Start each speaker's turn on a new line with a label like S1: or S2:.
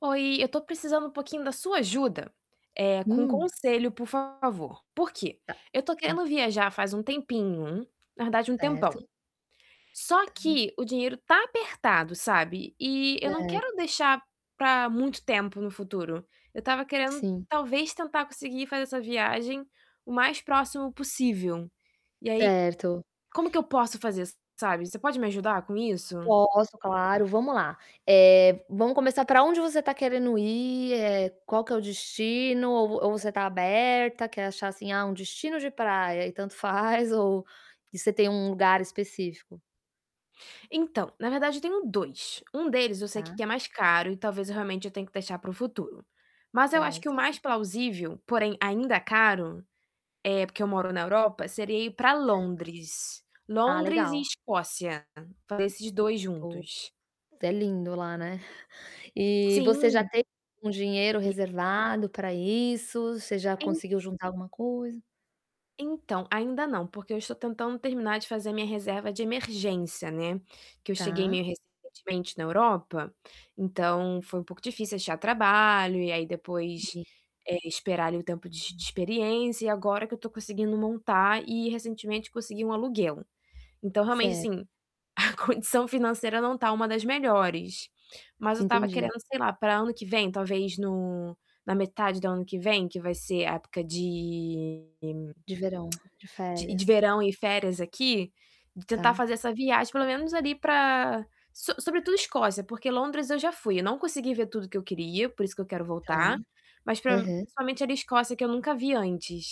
S1: Oi! Eu tô precisando um pouquinho da sua ajuda, eh, com
S2: Hum.
S1: conselho, por favor. Por quê?
S2: Tá.
S1: Eu tô
S2: Hum.
S1: querendo viajar faz um tempinho. Na verdade, um tempão.
S2: Certo.
S1: Só
S2: Tá
S1: que o dinheiro tá apertado, sabe. E eu não
S2: Cer
S1: quero deixar pra muito tempo no futuro. Eu tava querendo,
S2: Sim.
S1: talvez, tentar conseguir fazer essa viagem o mais próximo possível. E aí,
S2: Certo.
S1: como que eu posso fazer, sabe. Você pode me ajudar com isso?
S2: Posso, claro, vamo lá. Eh, vamo começar pra onde você tá querendo ir, eh, qual que é o destino ou v ou você tá aberta, quer achar, assim: "Ah, um destino de praia" e tanto faz ou e você tem um lugar específico?
S1: Então, na verdade, eu tenho 2. Um deles eu sei que
S2: Tá.
S1: que é mais caro e talvez realmente eu tenho que deixar para o futuro. Mas eu acho que o
S2: Certo.
S1: mais plausível, porém ainda caro, eh, porque eu moro na Europa, seria ir pra
S2: Cer
S1: Londres.
S2: Ah,
S1: Londres e
S2: legal.
S1: Escócia, fazer esses 2
S2: Ô
S1: juntos.
S2: É lindo lá, né? E você já
S1: Sim.
S2: tem um dinheiro
S1: E
S2: reservado pra isso? Você já
S1: En
S2: conseguiu juntar alguma coisa?
S1: Então, ainda não, porque eu estou tentando terminar de fazer minha reserva de emergência, né. Que eu cheguei
S2: Tá.
S1: meio recentemente na Europa, então foi um pouco difícil achar trabalho e aí depois,
S2: [unintelligible]
S1: eh, esperar ali o tempo de de experiência e agora que eu tô conseguindo montar e recentemente consegui um aluguel. Então realmente,
S2: Certo.
S1: assim, a condição financeira não tá uma das melhores. Mas eu tava
S2: Entendi.
S1: querendo, sei lá, pra ano que vem, talvez no na metade do ano que vem, que vai ser época de
S2: De verão, de
S1: de de
S2: férias.
S1: verão e férias aqui, de tentar
S2: Tá.
S1: fazer essa viagem pelo menos ali pra so sobretudo Escócia, porque Londres eu já fui. Eu não consegui ver tudo que eu queria, por isso que eu quero
S2: Tá.
S1: voltar. Mas pra
S2: Aham.
S1: principalmente era Escócia que eu nunca vi antes.